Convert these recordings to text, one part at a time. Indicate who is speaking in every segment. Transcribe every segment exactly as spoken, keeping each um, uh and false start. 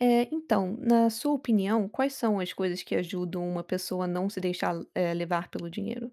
Speaker 1: Eh, então, na sua opinião, quais são as coisas que ajudam uma pessoa a não se deixar, eh, levar pelo dinheiro?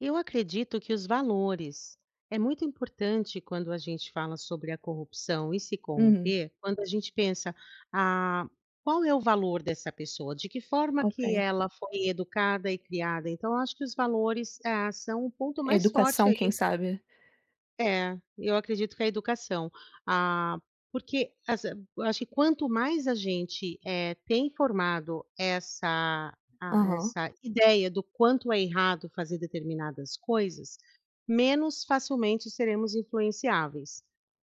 Speaker 2: Eu acredito que os valores. É muito importante quando a gente fala sobre a corrupção e se
Speaker 1: Hum.
Speaker 2: corromper, quando a gente pensa: "Ah, qual é o valor dessa pessoa? De que forma que
Speaker 1: Ok.
Speaker 2: ela foi educada e criada?" Então eu acho que os valores, ah, são o ponto mais forte
Speaker 1: Educação, quem
Speaker 2: aí.
Speaker 1: sabe?
Speaker 2: É, eu acredito que a educação. Ah, porque, assi eu acho que quanto mais a gente, eh, tem formado essa, ah,
Speaker 1: Aham.
Speaker 2: essa ideia do quanto é errado fazer determinadas coisas, menos facilmente seremos influenciáveis.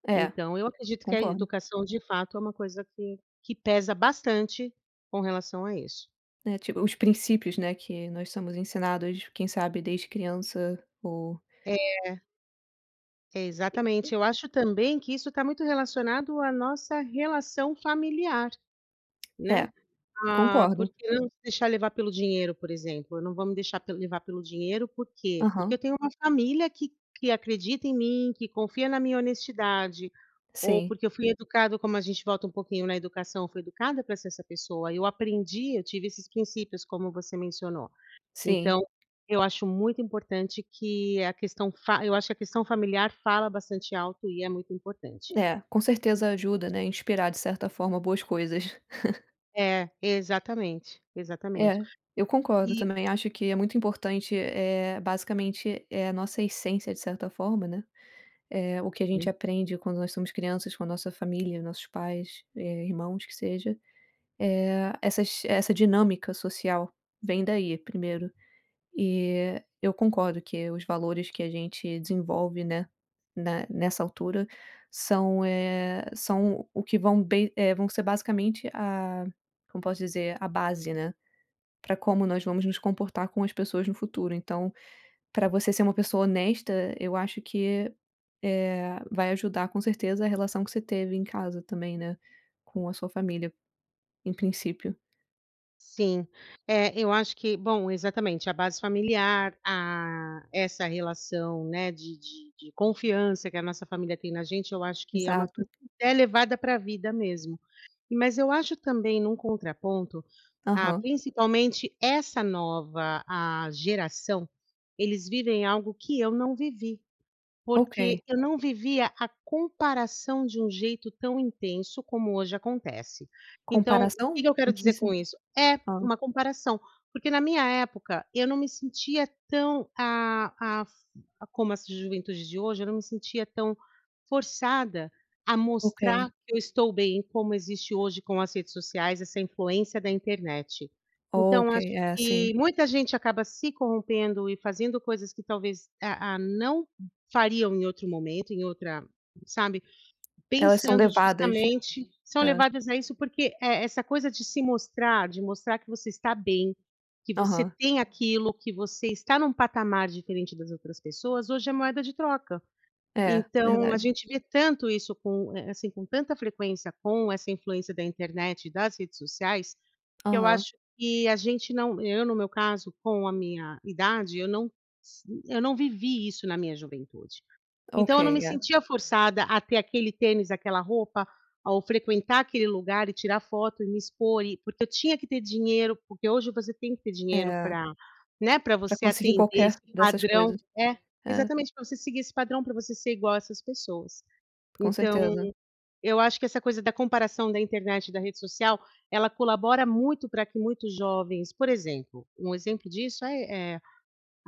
Speaker 1: É,
Speaker 2: Então, eu acredito que a
Speaker 1: concordo.
Speaker 2: educação, de fato, é uma coisa que que pesa bastante com relação a isso.
Speaker 1: É, tipo, os princípios, né, que nós somos ensinados, quem sabe desde criança ou
Speaker 2: É.
Speaker 1: E e
Speaker 2: Exatamente. Eu acho também que isso tá muito relacionado à nossa relação familiar, né?
Speaker 1: É,
Speaker 2: Ah,
Speaker 1: concordo.
Speaker 2: porque não se deixar levar pelo dinheiro, por exemplo, eu não vou me deixar pel levar pelo dinheiro. Por quê? Porque eu
Speaker 1: Aham.
Speaker 2: tenho uma família que que acredita em mim, que confia na minha honestidade, ou
Speaker 1: Sim.
Speaker 2: porque eu fui educado, como a gente volta um pouquinho na educação, fui educada pra ser essa pessoa. Eu aprendi, eu tive esses princípios, como você mencionou.
Speaker 1: Sim.
Speaker 2: Então, eu acho muito importante que a questão fa eu acho que a questão familiar fala bastante alto, e é muito importante.
Speaker 1: É, com certeza ajuda, né, a inspirar, de certa forma, boas coisas.
Speaker 2: É, exatamente, exatamente,
Speaker 1: É, eu concordo
Speaker 2: e
Speaker 1: também, acho que é muito importante, eh, basicamente é a nossa essência, de certa forma, né, eh, o que a gente
Speaker 2: Hum.
Speaker 1: aprende quando nós somos crianças com a nossa família, nossos pais, eh, irmãos, que seja, eh, essas essa dinâmica social vem daí primeiro. E eu concordo que os valores que a gente desenvolve, né, na nessa altura são, eh, são o que vão bem eh, vão ser basicamente a como posso dizer? A base, né, pra como nós vamos nos comportar com as pessoas no futuro. Então, pra você ser uma pessoa honesta, eu acho que, eh, vai ajudar, com certeza, a relação que você teve em casa também, né, com a sua família, em princípio.
Speaker 2: Sim, é, eu acho que bom, exatamente a base familiar, ah, essa relação, né, de de de confiança que a nossa família tem na gente, eu acho que é uma coisa
Speaker 1: Exato.
Speaker 2: que é levada pra a vida mesmo. Mas eu acho também, num contraponto, ah,
Speaker 1: Aham.
Speaker 2: principalmente essa nova, ah, geração, eles vivem algo que eu não vivi, porque
Speaker 1: Ok.
Speaker 2: eu não vivia a comparação de um jeito tão intenso como hoje acontece. Então, o que
Speaker 1: Comparação?
Speaker 2: que eu quero
Speaker 1: Não tinha
Speaker 2: dizer com
Speaker 1: assim
Speaker 2: isso? É,
Speaker 1: hã.
Speaker 2: uma comparação, porque na minha época eu não me sentia tão, ah ah, como essa juventude de hoje, eu não me sentia tão forçada a
Speaker 1: Ok.
Speaker 2: mostrar que eu estou bem, como existe hoje com as redes sociais, essa influência da internet. Então
Speaker 1: Ok,
Speaker 2: acho
Speaker 1: é
Speaker 2: que
Speaker 1: assim.
Speaker 2: muita gente acaba se corrompendo e fazendo coisas que talvez, ah ah, não fariam em outro momento, em outra sabe,
Speaker 1: Elas são
Speaker 2: pensando
Speaker 1: levadas.
Speaker 2: justamente são
Speaker 1: É.
Speaker 2: levadas a isso, porque e essa coisa de se mostrar, de mostrar que você está bem, que você
Speaker 1: Aham.
Speaker 2: tem aquilo, que você está num patamar diferente das outras pessoas, hoje é moeda de troca.
Speaker 1: É,
Speaker 2: Então a
Speaker 1: verdade.
Speaker 2: gente vê tanto isso com, eh eh, assim, com tanta frequência com essa influência da internet e das redes sociais, que eu
Speaker 1: Aham.
Speaker 2: acho que a gente não eu, no meu caso, com a minha idade, eu não s eu não vivi isso na minha juventude.
Speaker 1: Ok,
Speaker 2: Então eu não me
Speaker 1: é.
Speaker 2: sentia forçada a ter aquele tênis, aquela roupa, ou frequentar aquele lugar, e tirar foto, e me expor e porque eu tinha que ter dinheiro, porque hoje você tem que ter dinheiro
Speaker 1: É.
Speaker 2: pra, né, pra
Speaker 1: Pra
Speaker 2: você
Speaker 1: conseguir
Speaker 2: atender
Speaker 1: qualquer
Speaker 2: esse
Speaker 1: dessas
Speaker 2: padrão
Speaker 1: coisas.
Speaker 2: é,
Speaker 1: É.
Speaker 2: exatamente, pra você seguir esse padrão, pra você ser igual a essas pessoas.
Speaker 1: Com
Speaker 2: Então,
Speaker 1: certeza.
Speaker 2: eu acho que essa coisa da comparação da internet e da rede social, ela colabora muito pra que muitos jovens, por exemplo um exemplo disso, ai eh,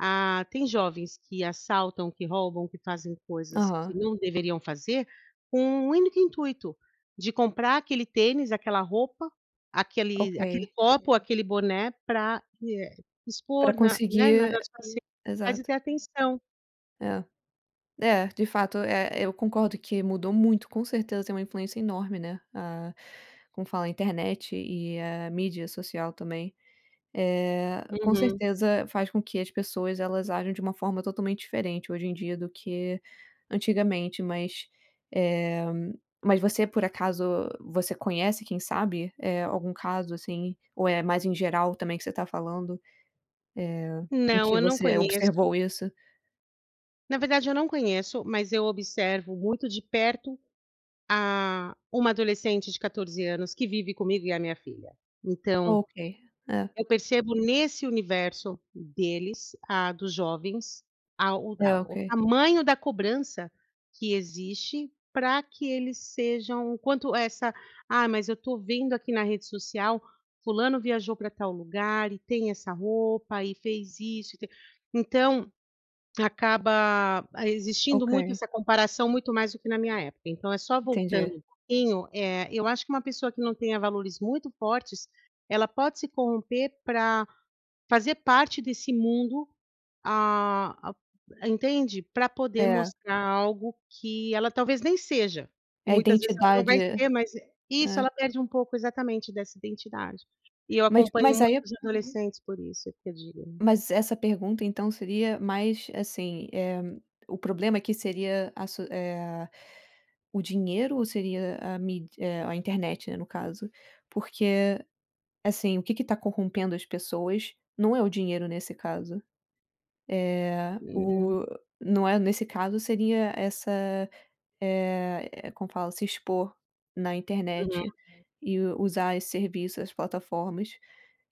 Speaker 2: ah, tem jovens que assaltam, que roubam, que fazem coisas
Speaker 1: Aham.
Speaker 2: que não deveriam fazer, com um único intuito de comprar aquele tênis, aquela roupa, aquele aquele
Speaker 1: Ok.
Speaker 2: copo, aquele boné pra que, eh,
Speaker 1: Pra
Speaker 2: expor na né, nas
Speaker 1: conseguir
Speaker 2: suas redes sociais e
Speaker 1: exato.
Speaker 2: ter atenção.
Speaker 1: É, é, de fato, eh, eu concordo que mudou muito, com certeza tem uma influência enorme, né, a como fala? A internet e a mídia social também. Eh, com
Speaker 2: Uhum.
Speaker 1: certeza faz com que as pessoas elas ajam de uma forma totalmente diferente hoje em dia do que antigamente, mas, eh, mas você por acaso, você conhece quem sabe, eh, algum caso, assim? Ou é mais em geral também que você tá falando, eh, em
Speaker 2: Não,
Speaker 1: que
Speaker 2: eu não
Speaker 1: você
Speaker 2: conheço.
Speaker 1: observou isso?
Speaker 2: Na verdade, eu não conheço, mas eu observo muito de perto, ah, uma adolescente de quatorze anos que vive comigo e a minha filha, então,
Speaker 1: Ok, é.
Speaker 2: eu percebo nesse universo deles, ah, dos jovens, a o
Speaker 1: É,
Speaker 2: a o
Speaker 1: ok.
Speaker 2: tamanho da cobrança que existe pra que eles sejam o quanto essa: "Ah, mas eu tô vendo aqui na rede social, fulano viajou para tal lugar, e tem essa roupa, e fez isso e t" então, acaba existindo muito
Speaker 1: Ok.
Speaker 2: essa comparação muito mais do que na minha época. Então é só
Speaker 1: Entendi.
Speaker 2: voltando em um eh, eu acho que uma pessoa que não tenha valores muito fortes, ela pode se corromper pra fazer parte desse mundo, ah ah, entende? Pra poder
Speaker 1: É.
Speaker 2: mostrar algo que ela talvez nem seja, que
Speaker 1: É a
Speaker 2: muitas vezes ela não
Speaker 1: identidade.
Speaker 2: vai ser, mas isso,
Speaker 1: É.
Speaker 2: ela perde um pouco, exatamente, dessa identidade e eu
Speaker 1: Mas
Speaker 2: acompanho
Speaker 1: mas aí
Speaker 2: muitos adolescentes, por isso é que eu digo.
Speaker 1: Mas essa pergunta então seria mais, assim, eh, o problema aqui seria a su eh, o dinheiro ou seria a míd eh, a internet, né, no caso? Porque, assim, o que que tá corrompendo as pessoas não é o dinheiro nesse caso, é
Speaker 2: Hum.
Speaker 1: o não é nesse caso, seria essa, eh eh como fala? Se expor na
Speaker 2: Uhum.
Speaker 1: internet
Speaker 2: [unintelligible]
Speaker 1: e usar esse serviço, as plataformas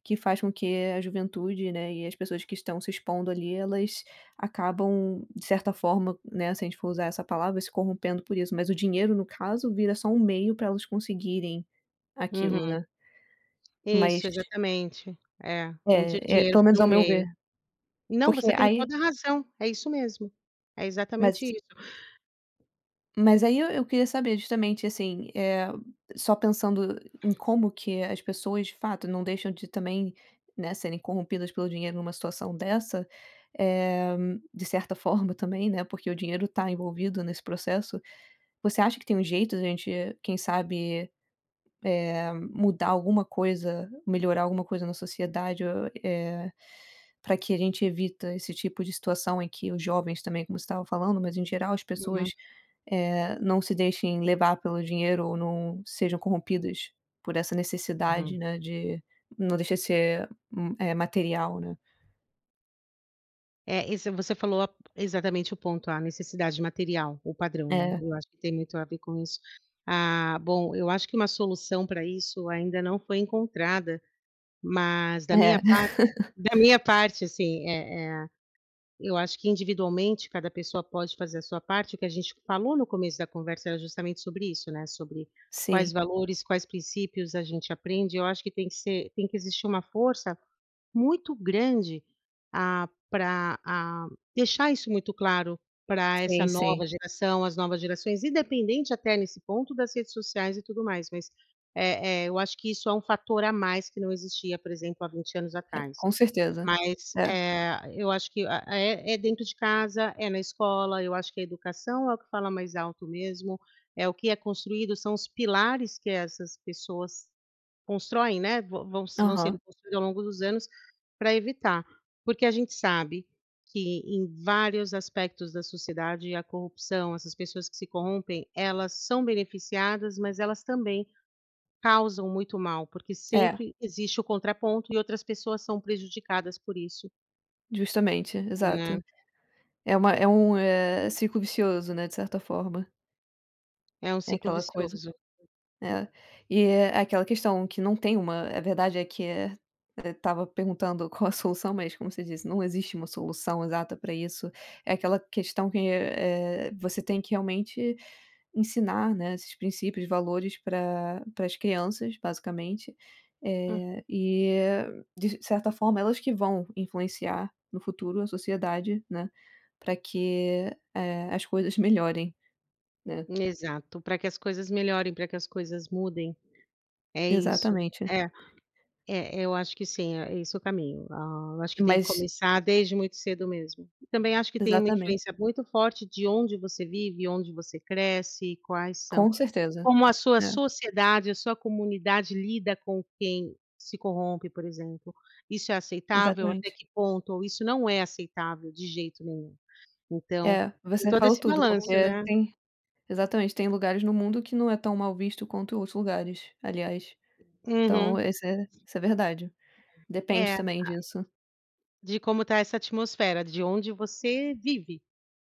Speaker 1: que faz com que a juventude, né, e as pessoas que estão se expondo ali, elas acabam, de certa forma, né, se a gente for usar essa palavra, se corrompendo por isso. Mas o dinheiro, no caso, vira só um meio pra elas conseguirem aquilo,
Speaker 2: Uhum.
Speaker 1: né?
Speaker 2: Isso,
Speaker 1: Mas
Speaker 2: exatamente, é, um di
Speaker 1: É, é,
Speaker 2: dinheiro
Speaker 1: pelo
Speaker 2: foi
Speaker 1: menos,
Speaker 2: um
Speaker 1: ao meu ver.
Speaker 2: meio. Não,
Speaker 1: Porque
Speaker 2: você tem
Speaker 1: aí
Speaker 2: toda a razão. É isso mesmo. É
Speaker 1: Mas
Speaker 2: exatamente isso.
Speaker 1: Mas aí eu eu queria saber, justamente, assim, eh, só pensando em como que as pessoas, de fato, não deixam de também, né, serem corrompidas pelo dinheiro numa situação dessa, eh, de certa forma também, né, porque o dinheiro tá envolvido nesse processo. Você acha que tem um jeito da gente, quem sabe, eh, mudar alguma coisa, melhorar alguma coisa na sociedade o eh, pra que a gente evita esse tipo de situação em que os jovens também, como você estava falando, mas em geral, as
Speaker 2: Uhum.
Speaker 1: pessoas, eh, não se deixem levar pelo dinheiro ou não sejam corrompidas por essa necessidade,
Speaker 2: Uhum.
Speaker 1: né, de não deixa de ser um, eh, material, né?
Speaker 2: É, isso, você falou exatamente o ponto, a necessidade material, o padrão, né,
Speaker 1: É.
Speaker 2: eu acho que tem muito a ver com isso. Ah, bom, eu acho que uma solução pra isso ainda não foi encontrada, mas, da
Speaker 1: É.
Speaker 2: minha parte da minha parte, assim, eh eh, eu acho que, individualmente, cada pessoa pode fazer a sua parte. O que a gente falou no começo da conversa era justamente sobre isso, né, sobre quais
Speaker 1: Sim.
Speaker 2: valores, quais princípios a gente aprende, e eu acho que tem que ser tem que existir uma força muito grande, ah, pra, ah, deixar isso muito claro pra essa
Speaker 1: Sim, sim.
Speaker 2: nova geração, as novas gerações, independente até nesse ponto das redes sociais e tudo mais, mas, eh eh, eu acho que isso é um fator a mais que não existia, por exemplo, há vinte anos
Speaker 1: É,
Speaker 2: atrás.
Speaker 1: com certeza.
Speaker 2: Mas,
Speaker 1: É.
Speaker 2: eh, eu acho que, ah, é é dentro de casa, é na escola, eu acho que a educação é o que fala mais alto mesmo, é o que é construído, são os pilares que essas pessoas constroem, né, vão vão s vão
Speaker 1: Aham.
Speaker 2: sendo construídos ao longo dos anos pra evitar. Porque a gente sabe que em vários aspectos da sociedade, a corrupção, essas pessoas que se corrompem, elas são beneficiadas, mas elas também causam muito mal, porque
Speaker 1: É.
Speaker 2: sempre existe o contraponto e outras pessoas são prejudicadas por isso.
Speaker 1: Justamente exato,
Speaker 2: Hum.
Speaker 1: é uma é um, eh, ciclo vicioso, né, de certa forma.
Speaker 2: É um
Speaker 1: É
Speaker 2: ciclo
Speaker 1: aquela coisa,
Speaker 2: vicioso.
Speaker 1: é, e é aquela questão que não tem uma a verdade é que é é estava perguntando qual é a solução, mas como você disse, não existe uma solução exata pra isso, é aquela questão que é é você tem que realmente ensinar, né, esses princípios, valores para para as crianças, basicamente,
Speaker 2: Uhum.
Speaker 1: eh, e é de certa forma, elas que vão influenciar no futuro a sociedade, né, pra que, eh, as coisas melhorem, né.
Speaker 2: Exato, pra que as coisas melhorem, pra que as coisas mudem. É isso,
Speaker 1: Exatamente.
Speaker 2: é é, eu acho que sim, é esse é o caminho. Ah, eu acho que tem que
Speaker 1: Mas
Speaker 2: começar desde muito cedo mesmo, também acho que tem uma
Speaker 1: Exatamente.
Speaker 2: influência muito forte de onde você vive, onde você cresce e quais são
Speaker 1: Com certeza,
Speaker 2: como a sua
Speaker 1: é.
Speaker 2: sociedade, a sua comunidade lida com quem se corrompe, por exemplo, isso é aceitável? Até
Speaker 1: Exatamente.
Speaker 2: que ponto, isso não é aceitável de jeito nenhum. Então,
Speaker 1: É,
Speaker 2: em
Speaker 1: você
Speaker 2: todo
Speaker 1: falou
Speaker 2: esse
Speaker 1: tudo,
Speaker 2: balanço,
Speaker 1: porque
Speaker 2: né?
Speaker 1: tem exatamente, tem lugares no mundo que não é tão mal visto quanto outros lugares, aliás, então
Speaker 2: Uhum.
Speaker 1: esse é isso é verdade.
Speaker 2: É,
Speaker 1: Depende também
Speaker 2: ah
Speaker 1: disso.
Speaker 2: De como tá essa atmosfera de onde você vive,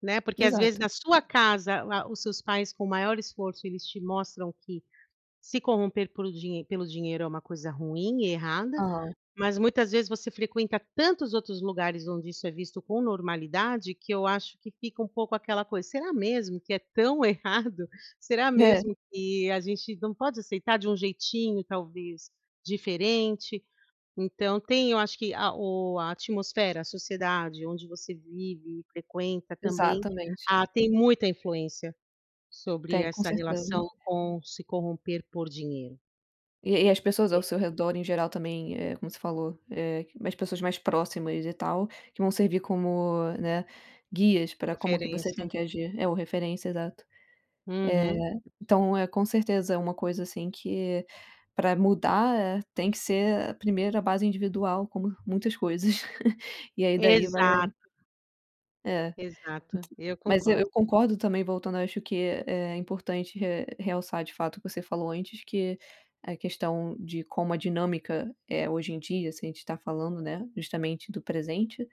Speaker 2: né, porque às vezes
Speaker 1: Exato.
Speaker 2: na sua casa, a os seus pais com o maior esforço, eles te mostram que se corromper por dinhe pelo dinheiro é uma coisa ruim e errada,
Speaker 1: Hã.
Speaker 2: mas muitas vezes você frequenta tantos outros lugares onde isso é visto com normalidade, que eu acho que fica um pouco aquela coisa: "Será mesmo que é tão errado? Será
Speaker 1: É.
Speaker 2: mesmo que a gente não pode aceitar de um jeitinho talvez diferente?". Então tem, eu acho que a o a atmosfera, a sociedade onde você vive e frequenta também,
Speaker 1: Exatamente.
Speaker 2: ah, tem muita influência sobre
Speaker 1: Tem, com
Speaker 2: essa
Speaker 1: certeza.
Speaker 2: relação com se corromper por dinheiro.
Speaker 1: E e as pessoas ao
Speaker 2: É.
Speaker 1: seu redor em geral também é como você falou, eh, mais pessoas mais próximas e tal que vão servir como, né, guias pra como que você tem
Speaker 2: Referência.
Speaker 1: que agir, é o referência, exato. Eh,
Speaker 2: Uhum.
Speaker 1: então é com certeza é uma coisa assim que pra mudar, eh, tem que ser a primeira base individual, como muitas coisas, e aí daí vai.
Speaker 2: Exato.
Speaker 1: É.
Speaker 2: Exato, e eu
Speaker 1: Mas eu
Speaker 2: concordo.
Speaker 1: eu concordo também voltando, eu acho que é é importante re realçar de fato que você falou antes que a questão de como a dinâmica é hoje em dia, se a gente tá falando, né, justamente do presente,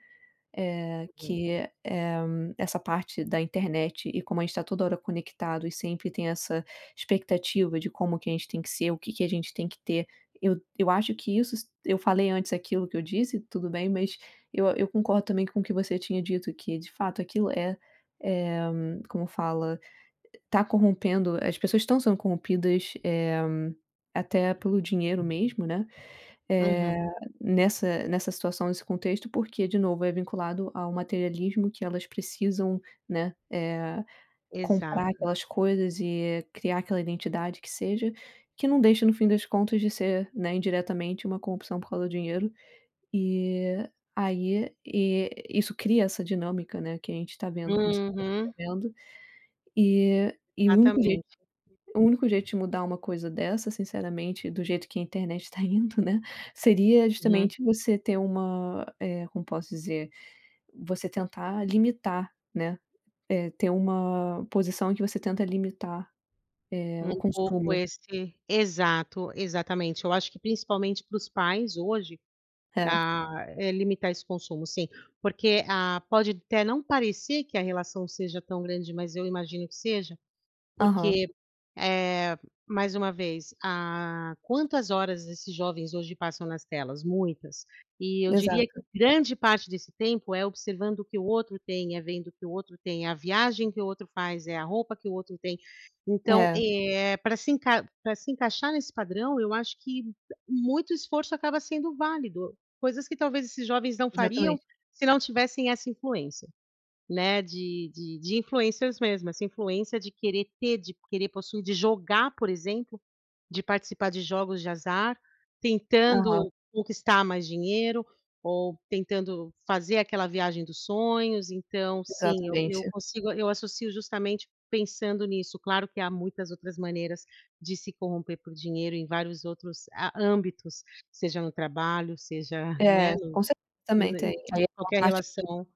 Speaker 1: eh,
Speaker 2: Uhum.
Speaker 1: que é eh, essa parte da internet e como a gente tá toda hora conectado e sempre tem essa expectativa de como que a gente tem que ser? O que que a gente tem que ter? Eu eu acho que isso s eu falei antes aquilo que eu disse, tudo bem, mas eu eu concordo também com o que você tinha dito que, de fato, aquilo é, eh. Como fala? Tá corrompendo. As pessoas estão sendo corrompidas, eh, até pelo dinheiro mesmo, né, eh,
Speaker 2: Uhum.
Speaker 1: nessa nessa situação, nesse contexto, porque, de novo, é vinculado ao materialismo que elas precisam, né, eh, comprar
Speaker 2: Exato.
Speaker 1: aquelas coisas e criar aquela identidade que seja, que não deixa no fim das contas de ser, né, indiretamente uma corrupção por causa do dinheiro e aí, eh, isso cria essa dinâmica, né, que a gente tá vendo como você tá
Speaker 2: Uhum.
Speaker 1: descrevendo, eh, e o único jeito
Speaker 2: Exatamente.
Speaker 1: o único jeito de mudar uma coisa dessa, sinceramente, do jeito que a internet está indo, né. Seria
Speaker 2: Hum.
Speaker 1: justamente você ter uma, eh, como posso dizer? Você tentar limitar, né. Eh, ter uma posição em que você tenta limitar, eh, o
Speaker 2: Um pouco
Speaker 1: consumo.
Speaker 2: esse exato, exatamente. Eu acho que principalmente para os pais hoje,
Speaker 1: É.
Speaker 2: ah, é limitar esse consumo sim, porque ah, pode até não parecer que a relação seja tão grande, mas eu imagino que seja.
Speaker 1: Aham.
Speaker 2: Porque, eh, mais uma vez, ah, quantas horas esses jovens hoje passam nas telas, muitas e eu diria que
Speaker 1: Exato.
Speaker 2: grande parte desse tempo é observando o que o outro tem, é vendo o que o outro tem, a viagem que o outro faz, é a roupa que o outro tem. Então
Speaker 1: É.
Speaker 2: é pra se encai pra se encaixar nesse padrão, eu acho que muito esforço acaba sendo válido, coisas que talvez esses jovens não
Speaker 1: Exatamente.
Speaker 2: fariam se não tivessem essa influência. né. De de de influencers mesmo, essa influência de querer ter, de querer possuir, de jogar, por exemplo, de participar de jogos de azar,
Speaker 1: Aham.
Speaker 2: tentando conquistar mais dinheiro ou tentando fazer aquela viagem dos sonhos. Então, sim, eu eu
Speaker 1: Exatamente.
Speaker 2: consigo eu associo justamente pensando nisso. Claro que há muitas outras maneiras de se corromper por dinheiro em vários outros a âmbitos, seja no trabalho, seja, né,
Speaker 1: É, com certeza
Speaker 2: e
Speaker 1: também
Speaker 2: no em
Speaker 1: tem, aí uma
Speaker 2: qualquer
Speaker 1: parte que
Speaker 2: relação.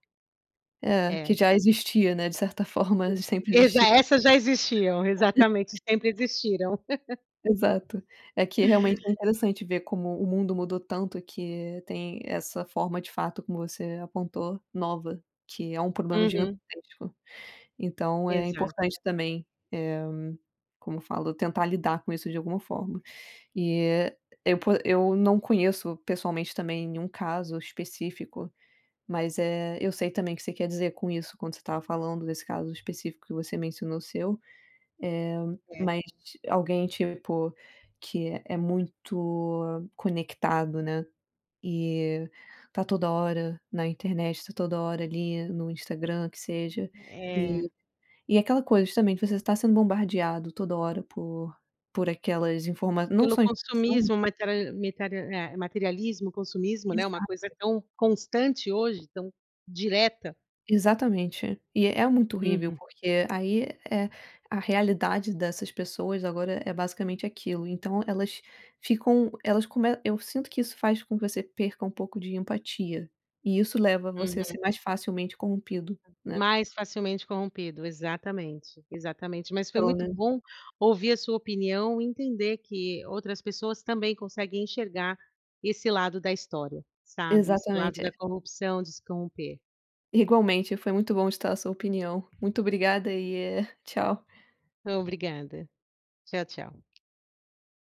Speaker 1: É, que
Speaker 2: É.
Speaker 1: já existia, né. De certa forma,
Speaker 2: Sim,
Speaker 1: sempre
Speaker 2: exa
Speaker 1: existiu.
Speaker 2: essas já existiam, exatamente, sempre existiram.
Speaker 1: Exato, é que realmente é interessante ver como o mundo mudou tanto que tem essa forma, de fato, como você apontou, nova, que é um problema
Speaker 2: Uhum.
Speaker 1: gigantesco, então é
Speaker 2: Exato.
Speaker 1: importante também, eh, como eu falo? Tentar lidar com isso de alguma forma, eh, eu po eu não conheço pessoalmente também nenhum caso específico, mas, eh, eu sei também que você quer dizer com isso quando você estava falando desse caso específico que você mencionou o seu, eh,
Speaker 2: É.
Speaker 1: mas alguém, tipo, que é muito conectado, né. Eh, tá toda hora na internet, tá toda hora ali no Instagram, que seja,
Speaker 2: É.
Speaker 1: eh, e aquela coisa, justamente, você está sendo bombardeado toda hora por por aquelas informa não
Speaker 2: Pelo
Speaker 1: só informações
Speaker 2: consumismo materiali metera eh, materialismo, consumismo, né, uma coisa
Speaker 1: Exato.
Speaker 2: tão constante hoje, tão direta.
Speaker 1: Exatamente, e é muito horrível,
Speaker 2: Uhum.
Speaker 1: porque aí, é, a realidade dessas pessoas. Agora é basicamente aquilo. Então elas ficam elas come eu sinto que isso faz com que você perca um pouco de empatia e isso leva você a
Speaker 2: Uhum.
Speaker 1: ser mais facilmente corrompido, né.
Speaker 2: Mais facilmente corrompido, exatamente, exatamente, mas foi
Speaker 1: Pelo
Speaker 2: muito
Speaker 1: menos
Speaker 2: bom ouvir a sua opinião e entender que outras pessoas também conseguem enxergar esse lado da história, sabe, esse lado
Speaker 1: Exatamente,
Speaker 2: da
Speaker 1: é.
Speaker 2: corrupção, de se corromper.
Speaker 1: Igualmente. Foi muito bom estar a sua opinião. Muito obrigada e, eh, tchau.
Speaker 2: Obrigada. Tchau, tchau.